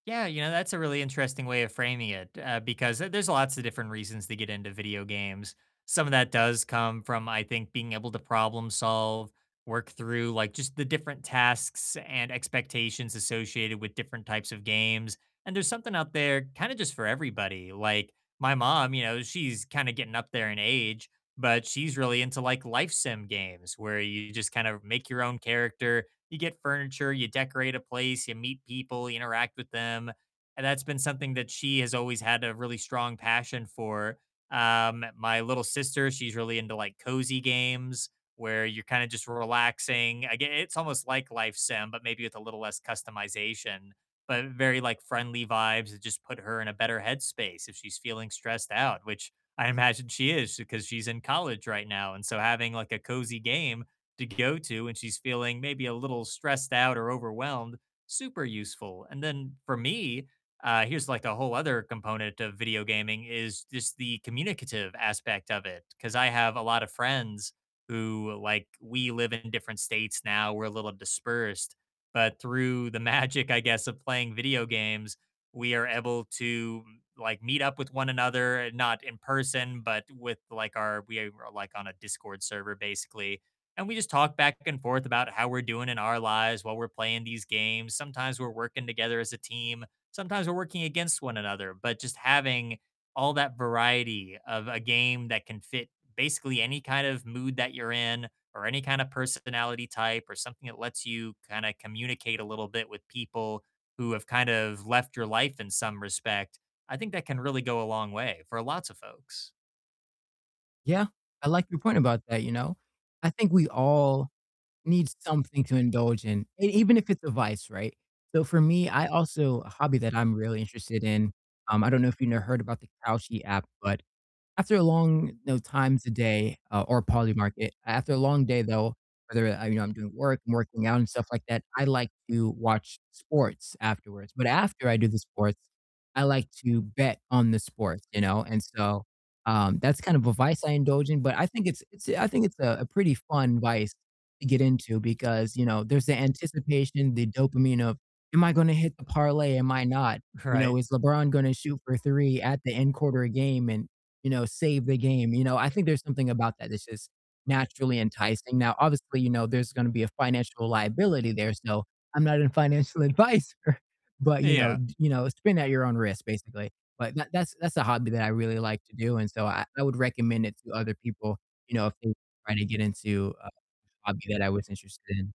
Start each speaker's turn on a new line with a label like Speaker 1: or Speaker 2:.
Speaker 1: Yeah, you know, that's a really interesting way of framing it, uh, because the there's lots of different reasons to get into video games. Some of that does come from, I think, being able to problem solve, work through, like, just the different tasks and expectations associated with different types of games. And there's something out there kind of just for everybody. Like, my mom, you know, she's kind of getting up there in age, but she's really into, like, Life Sim games where you just kind of make your own character. You get furniture, you decorate a place, you meet people, you interact with them. And that's been something that she has always had a really strong passion for. Um, my little sister, she's really into, like, cozy games where you're kind of just relaxing. Again, it's almost like Life Sim but maybe with a little less customization. But very, like, friendly vibes that just put her in a better head space if she's feeling stressed out, which I imagine she is 'cause she's in college right now, and so having, like, a cozy game to go to when she's feeling maybe a little stressed out or overwhelmed, super useful. And then for me, uh, here's like a whole other component of video gaming is just the communicative aspect of it. 'Cause I have a lot of friends who, like, we live in different states now. We're a little dispersed. But through the magic, I guess, of playing video games, we are able to, like, meet up with one another, not in person but with, like, our we are, like, on a Discord server basically. And we just talk back and forth about how we're doing in our lives while we're playing these games. Sometimes we're working together as a team. Sometimes we're working against one another. But just having all that variety of a game that can fit basically any kind of mood that you're in or any kind of personality type or something that lets you kinda communicate a little bit with people who have kind of left your life in some respect, I think that can really go a long way for lots of folks.
Speaker 2: Yeah, I like your point about that, you know? I think we all need something to indulge in, e even if it's a vice, right? So for me, I also a hobby that I'm really interested in, um, I don't know if you know, heard about the Kalshi app, but after a long, you know, times a day, uh, or Polymarket, after a long day though, whether, uh, you know, I'm doing work, I'm working out and stuff like that, I like to watch sports afterwards. But after I do the sports, I like to bet on the sports, you know? And so, um, that's kind of a vice I indulge in, but I think it's it's I think it's a, a pretty fun vice to get into because, you know, there's the anticipation, the dopamine of, "Am I gonna hit the parlay? Am I not?" You know,
Speaker 1: Right.
Speaker 2: "Is LeBron gonna shoot for 3 at the end quarter of game and, you know, save the game," you know? I think there's something about that that's just naturally enticing. Now, obviously, you know, there's gonna be a financial liability there, so I'm not a financial advisor but, you know
Speaker 1: Yeah
Speaker 2: you know, spin at your own risk, basically. But that that's that's a hobby that I really like to do, and so I I would recommend it to other people, you know, if they were trying to get into a hobby that I was interested in.